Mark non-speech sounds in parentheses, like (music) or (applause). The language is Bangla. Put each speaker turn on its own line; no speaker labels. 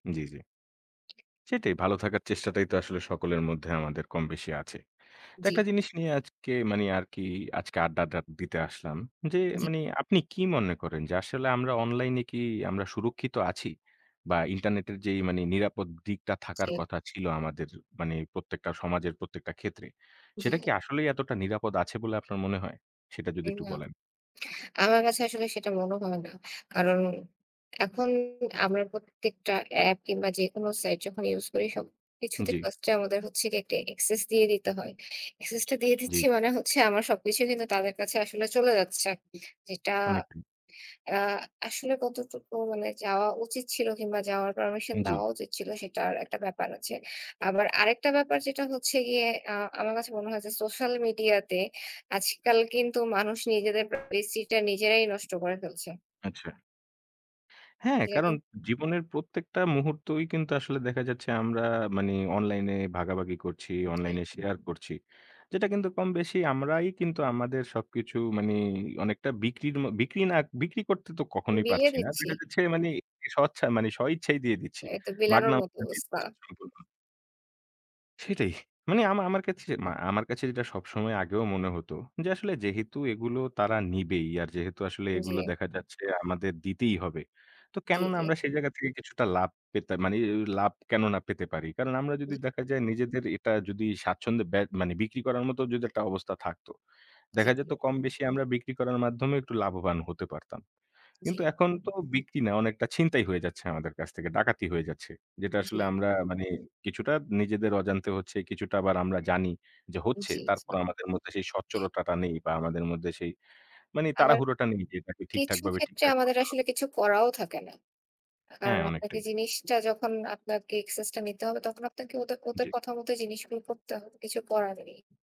জি, জি। সেটাই, ভালো থাকার চেষ্টাটাই তো আসলে সকলের মধ্যে আমাদের কমবেশি আছে। তা
জি।
একটা জিনিস নিয়ে আজকে মানে আর কি, আজকে আড্ডাটা দিতে আসলাম। যে,
জি।
মানে আপনি কি মনে করেন যে, আসলে আমরা অনলাইনে কি আমরা সুরক্ষিত আছি? বা ইন্টারনেটের যেই মানে নিরাপদ দিকটা থাকার
জি।
কথা ছিল আমাদের মানে প্রত্যেকটা সমাজের প্রত্যেকটা ক্ষেত্রে,
জি।
সেটা কি আসলেই এতটা নিরাপদ আছে বলে আপনার মনে হয়? সেটা যদি
এই
একটু
আ
বলেন?
আমার কাছে আসলে সেটা মনে হয় না। কারণ, এখন আমরা প্রত্যেকটা অ্যাপ কিংবা যেকোনো সাইট যখন ইউজ করি, সবকিছুতে
জি।
ফাস্টে আমাদের হচ্ছে গিয়ে একটি অ্যাক্সেস দিয়ে দিতে হয়। অ্যাক্সেসটা দিয়ে
জি,
দিচ্ছি
জি।
মানে হচ্ছে, আমার সবকিছু কিন্তু তাদের কাছে আসলে চলে যাচ্ছে। যেটা
অনেকটাই।
আ আসলে কতটুকু মানে যাওয়া উচিত ছিল কিংবা যাওয়ার পারমিশন
জি।
দেওয়া উচিত ছিল, সেটার একটা ব্যাপার আছে। আবার আরেকটা ব্যাপার যেটা হচ্ছে গিয়ে আ আমার কাছে মনে হয় যে সোশ্যাল মিডিয়াতে আজকাল কিন্তু মানুষ নিজেদের প্রাইভেসিটা নিজেরাই নষ্ট করে ফেলছে।
আচ্ছা। হ্যাঁ,
জি
কারণ
দেখেন
জীবনের প্রত্যেকটা মুহূর্তই কিন্তু আসলে দেখা যাচ্ছে আমরা মানে অনলাইনে ভাগাভাগি করছি,
উ জি।
অনলাইনে শেয়ার করছি। যেটা কিন্তু কমবেশি আমরাই কিন্তু আমাদের সবকিছু, মানে অনেকটা বিক্রির ম বিক্রি না, বিক্রি করতে তো কখনোই
বিলিয়ে
পারছি না।
দিচ্ছি।
দেখা যাচ্ছে মানে স্বচ্ছা মানে স্বইচ্ছাই দিয়ে দিচ্ছি।
এ তো বিলানোর
মাগনা
মতো
(unintelligible) দিয়ে
অবস্থা।
দিচ্ছি সম্পূর্ণ। সেটাই। মানে আমা আমার কাছে যে মা আমার কাছে যেটা সবসময় আগেও মনে হতো যে, আসলে যেহেতু এগুলো তারা নিবেই, আর যেহেতু আসলে এগুলো
জি।
দেখা যাচ্ছে আমাদের দিতেই হবে। তো
জি,
কেন না
জি।
আমরা সেই জায়গা থেকে কিছুটা লাভ পেতে, মানে এও লাভ কেন না পেতে পারি? কারণ, আমরা যদি
জি।
দেখা যায় নিজেদের এটা যদি স্বাচ্ছন্দ্যে বে মানে বিক্রি করার মতো যদি একটা অবস্থা থাকতো,
জি,
দেখা
জি।
যেত কমবেশি আমরা বিক্রি করার মাধ্যমে একটু লাভবান হতে পারতাম।
জি।
কিন্তু এখন তো বিক্রি না, অনেকটা ছিনতাই হয়ে যাচ্ছে আমাদের কাছ থেকে, ডাকাতি হয়ে যাচ্ছে। যেটা আসলে
জি।
আমরা মানে কিছুটা নিজেদের অজান্তে হচ্ছে, কিছুটা আবার আমরা জানি যে হচ্ছে।
জি, জি।
তারপরও আমাদের মধ্যে সেই স্বচ্ছতাটা নেই। বা আমাদের মধ্যে সেই মানে
আবার
তাড়াহুড়োটা নেই যে এটাকে
কিছু
ঠিকঠাকভাবে
ক্ষেত্রে
ঠিকঠাক
আমাদের
করতে। (unintelligible)
আসলে কিছু করাও থাকে না। কারণ
হ্যাঁ,
আপনাকে
অনেকটাই।
জিনিসটা যখন আপনাকে এক্সেসটা নিতে হবে, তখন আপনাকে ওদে ওদের
জি।
কথা মতো জিনিসগুলো করতে হবে, কিছু করার নেই।